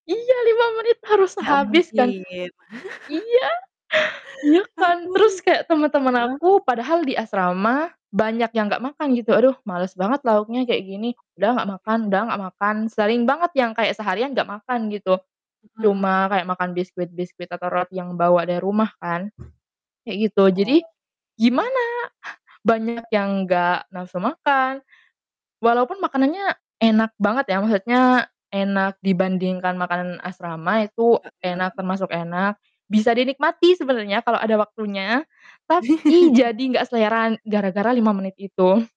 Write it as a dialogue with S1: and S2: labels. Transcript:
S1: Iya! 5 menit harus
S2: Gak
S1: habis kan.
S2: mungkin.
S1: Iya! Iya kan?
S2: Aduh,
S1: Terus kayak temen-temen
S2: heeh?
S1: aku, padahal di asrama banyak yang nggak makan gitu. "Aduh, males banget lauknya kayak gini, udah nggak
S2: Iya.
S1: makan udah nggak makan." Sering banget yang kayak seharian nggak makan, gitu.
S2: Heeh.
S1: Cuma kayak makan biskuit-biskuit atau roti yang bawa dari rumah kan kayak gitu, jadi
S2: Oh, iya.
S1: gimana banyak yang gak nafsu makan, walaupun makanannya enak banget ya, maksudnya enak dibandingkan makanan asrama itu enak,
S2: Heeh.
S1: termasuk enak, bisa dinikmati sebenernya kalau ada waktunya, tapi jadi gak selera gara-gara 5 menit itu.